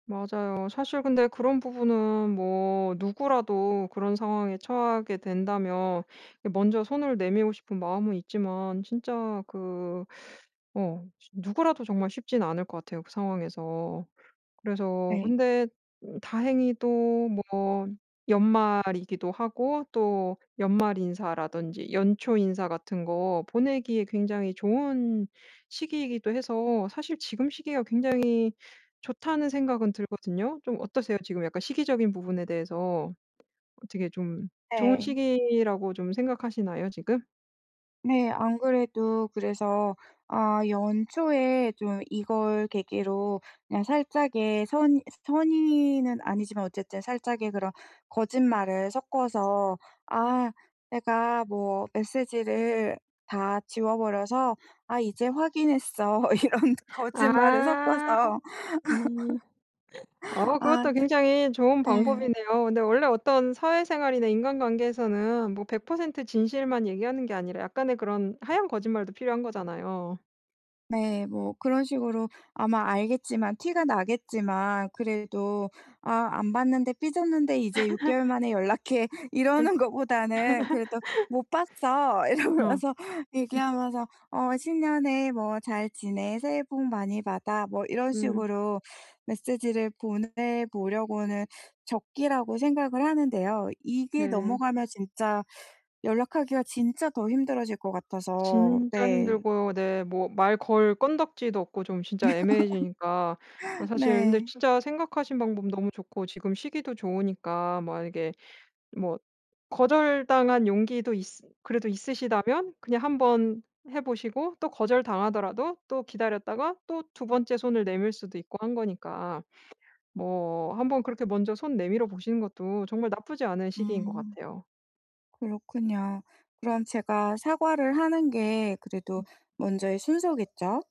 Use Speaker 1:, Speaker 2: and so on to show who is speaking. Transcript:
Speaker 1: 맞아요. 사실 근데 그런 부분은 뭐 누구라도 그런 상황에 처하게 된다면 이 먼저 손을 내밀고 싶은 마음은 있지만 진짜 그 어 쉬 누구라도 정말 쉽진 않을 것 같아요. 그 상황에서. 그래서
Speaker 2: 네.
Speaker 1: 근데 음 다행히도 뭐 연말이기도 하고 또 연말 인사라든지 연초 인사 같은 거 보내기에 굉장히 좋은 시기이기도 해서 사실 지금 시기가 굉장히 좋다는 생각은 들거든요. 좀 어떠세요? 지금 약간 시기적인 부분에 대해서 어떻게 좀 좋은
Speaker 2: 네.
Speaker 1: 시기라고 좀 생각하시나요? 지금?
Speaker 2: 네, 안 그래도 그래서 아 연초에 좀 이걸 계기로 그냥 살짝의 선 선의는 아니지만 어쨌든 살짝의 그런 거짓말을 섞어서 아 "내가 뭐 메시지를 다 지워버려서 아 이제 확인했어." 이런 거짓말을
Speaker 1: 아.
Speaker 2: 섞어서
Speaker 1: 음. 어
Speaker 2: 아.
Speaker 1: 그것도 굉장히 좋은
Speaker 2: 예.
Speaker 1: 방법이네요. 근데 원래 어떤 사회생활이나 인간관계에서는 뭐 100% 진실만 얘기하는 게 아니라 약간의 그런 하얀 거짓말도 필요한 거잖아요.
Speaker 2: 네, 뭐 그런 식으로 아마 알겠지만 티가 나겠지만 그래도 아 "안 봤는데 삐졌는데 이제 6개월 만에 연락해."
Speaker 1: 예.
Speaker 2: 이러는 것보다는 그래도 "못 봤어."
Speaker 1: 어.
Speaker 2: 이러면서
Speaker 1: 음.
Speaker 2: 얘기하면서 어 "신년에 뭐 잘 지내, 새해 복 많이 받아." 뭐 이런
Speaker 1: 음.
Speaker 2: 식으로 메시지를 보내보려고는 적기라고 생각을 하는데요. 이게
Speaker 1: 네.
Speaker 2: 넘어가면 진짜 연락하기가 진짜 더 힘들어질 것 같아서.
Speaker 1: 진짜
Speaker 2: 네.
Speaker 1: 힘들고 네. 뭐 말 걸 건더기도 없고 좀 진짜 애매해지니까. 그 사실 근데
Speaker 2: 네.
Speaker 1: 진짜 생각하신 방법 너무 좋고 지금 시기도 좋으니까 만약에 뭐 거절당한 용기도 있으 그래도 있으시다면 그냥 한번 해 보시고 또 거절당하더라도 또 기다렸다가 또 2 번째 손을 내밀 수도 있고 한 거니까. 뭐 한번 그렇게 먼저 손 내밀어 보시는 것도 정말 나쁘지 않은 시기인 것
Speaker 2: 음.
Speaker 1: 같아요.
Speaker 2: 그렇군요. 그럼 제가 사과를 하는 게 그래도
Speaker 1: 음.
Speaker 2: 먼저의 순서겠죠?